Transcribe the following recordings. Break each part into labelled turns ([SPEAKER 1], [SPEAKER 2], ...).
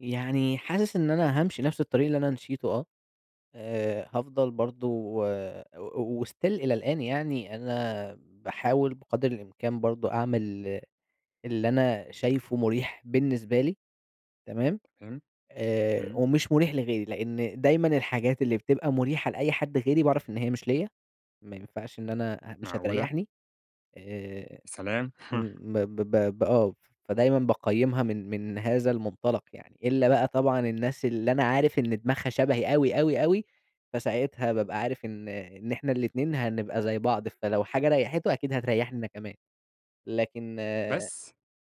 [SPEAKER 1] يعني حاسس إن أنا هامشي نفس الطريق اللي أنا مشيته آه، آآ، هافضل برضه و و وstill إلى الآن يعني، أنا باحاول بقدر الإمكان برضه أعمل اللي أنا شايفه مريح بالنسبة لي، تمام،
[SPEAKER 2] فاهم؟
[SPEAKER 1] آآ
[SPEAKER 2] إمم.
[SPEAKER 1] ومش مريح لغيري، لأن دايمًا الحاجات اللي بتبقى مريحة لأي حد غيري باعرف إن هي مش ليّا، ما ينفَعش إن أنا أ مش
[SPEAKER 2] معقولة!
[SPEAKER 1] هتريحني، آآ.
[SPEAKER 2] يا سلام!
[SPEAKER 1] امم، ب ب ب ب آه، فدايمًا باقيِّمها من من هذا المنطلَق يعني. إلا بقى طبعًا الناس اللي أنا عارِف إن دماغها شبهي أوي، أوي، أوي، فساعتها بابقى عارِف إن إن إحنا الاتنين هنبقى زي بعض، فلو حاجة ريَّحته أكيد هتريحني أنا كمان، لكن آآ
[SPEAKER 2] بس،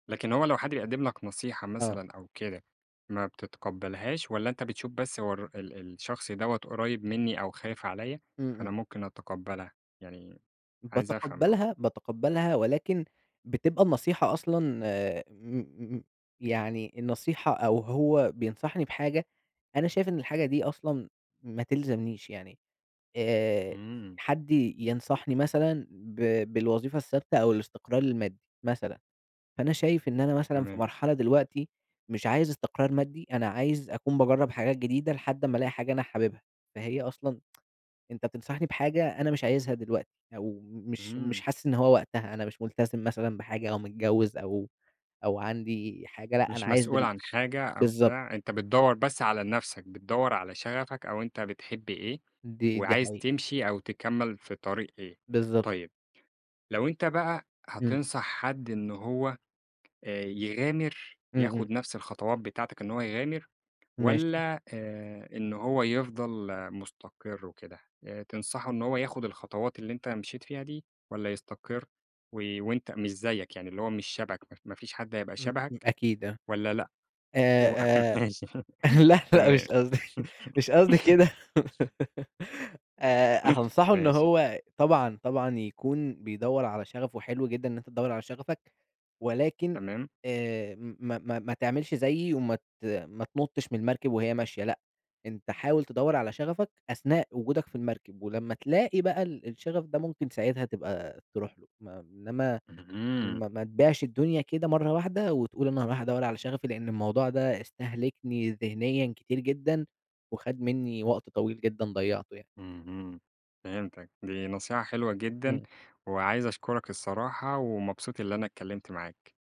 [SPEAKER 2] لكن هو لو حد بيقدّم لك نصيحة
[SPEAKER 1] آه.
[SPEAKER 2] مثلًا أو كده ما بتتقبَّلهاش، والّا أنتَ بتشوف بس هو الر ال الشخص دوّة قريب مني أو خايِف عليّا،
[SPEAKER 1] إمم،
[SPEAKER 2] فأنا
[SPEAKER 1] إمم.
[SPEAKER 2] ممكن أتقبَّلها؟ يعني عايِز أفهَم برضه.
[SPEAKER 1] باتقبَّلها، باتقبَّلها، ولكن بتبقى النصيحة أصلًا آآ، م م يعني النصيحة أو هو بينصَحني بحاجة أنا شايِف إن الحاجة دي أصلًا ما تلزَمنيش، يعني، آآ،
[SPEAKER 2] إمم.
[SPEAKER 1] حد ي ينصَحني مثلًا با بالوظيفة الثابِتة أو الاستقرار المادي مثلًا، فأنا شايِف إن أنا مثلًا في
[SPEAKER 2] تمام.
[SPEAKER 1] مرحلة دلوقتي مش عايِز استقرار مادي، أنا عايِز أكون باجرّب حاجات جديدة لحد أمّا ألاقي حاجة أنا حابِبها. فهي أصلًا، أنتَ تنصَحني بحاجة أنا مش عايزها دلوقتي، أو مش مش
[SPEAKER 2] إمم.
[SPEAKER 1] حاسس إن هو وقتها، أنا مش ملتزم مثلًا بحاجة أو متجوّز أو أو عندي حاجة، لأ أنا
[SPEAKER 2] مش
[SPEAKER 1] عايِز
[SPEAKER 2] مسؤول
[SPEAKER 1] دل
[SPEAKER 2] عن حاجة أو
[SPEAKER 1] بالضبط.
[SPEAKER 2] بتاع، أنتَ بتدوَّر بس على نفسَك، بتدوَّر على شغفك أو أنتَ بتحب إيه
[SPEAKER 1] دي دي
[SPEAKER 2] وعايِز
[SPEAKER 1] حقيقة.
[SPEAKER 2] تمشي أو تكمّل في طريق إيه.
[SPEAKER 1] بالضبط.
[SPEAKER 2] طيب لو أنتَ بقى
[SPEAKER 1] إمم.
[SPEAKER 2] هتنصح حد إنه هو آآ، يغامر،
[SPEAKER 1] إمم، إمم.
[SPEAKER 2] ياخُد نفس الخطوات بتاعتك إن هو يغامر،
[SPEAKER 1] ماشي.
[SPEAKER 2] والَّا آآ، إنه هو يفضل مستقر وكده، آآ، تنصَحه إن هو ياخُد الخطوات اللي أنتَ مشيت فيها دي، والّا يستقر وي وأنتَ مش زيِّك يعني اللي هو مش شبهَك، ما ما فيش حد هيبقى
[SPEAKER 1] إمم إمم،
[SPEAKER 2] شبهَك،
[SPEAKER 1] أكيد آه.
[SPEAKER 2] والّا لأ، و
[SPEAKER 1] آآ، آآ،
[SPEAKER 2] ماشي،
[SPEAKER 1] لأ، لأ
[SPEAKER 2] تمام.
[SPEAKER 1] مش قصدي، مش قصدي كده، آآ، هانصحه إن
[SPEAKER 2] ماشي.
[SPEAKER 1] هو طبعًا طبعًا يكون بيدوَّر على شغَفه، وحلو جدًا إن أنتَ تدوَّر على شغفك، ولكن
[SPEAKER 2] تمام.
[SPEAKER 1] آآ، م ما ما ما تعملش زيِّي، وما ت ما تنُطَّش من المركب وهي ماشية، لأ، أنتَ حاول تدوَّر على شغفك أثناء وجودك في المركب، ولمّا تلاقي بقى ال الشغَف ده ممكن ساعتها تبقى ترُوح له، ما إنّما
[SPEAKER 2] اهم.
[SPEAKER 1] ما ما تبيعش الدنيا كده مرَّة واحدة وتقول أنا هارُوح أدوَّر على شغفي. لأن الموضوع ده استهلكني ذهنيًا كتير جدًا وخد مني وقت طويل جدًا ضيَّعته يعني.
[SPEAKER 2] اهم، فهمتك، دي نصيحة حلوة جدًا،
[SPEAKER 1] إمم.
[SPEAKER 2] وعايِز أشكُرك الصراحة، ومبسوط اللي أنا اتكلَّمت معاك.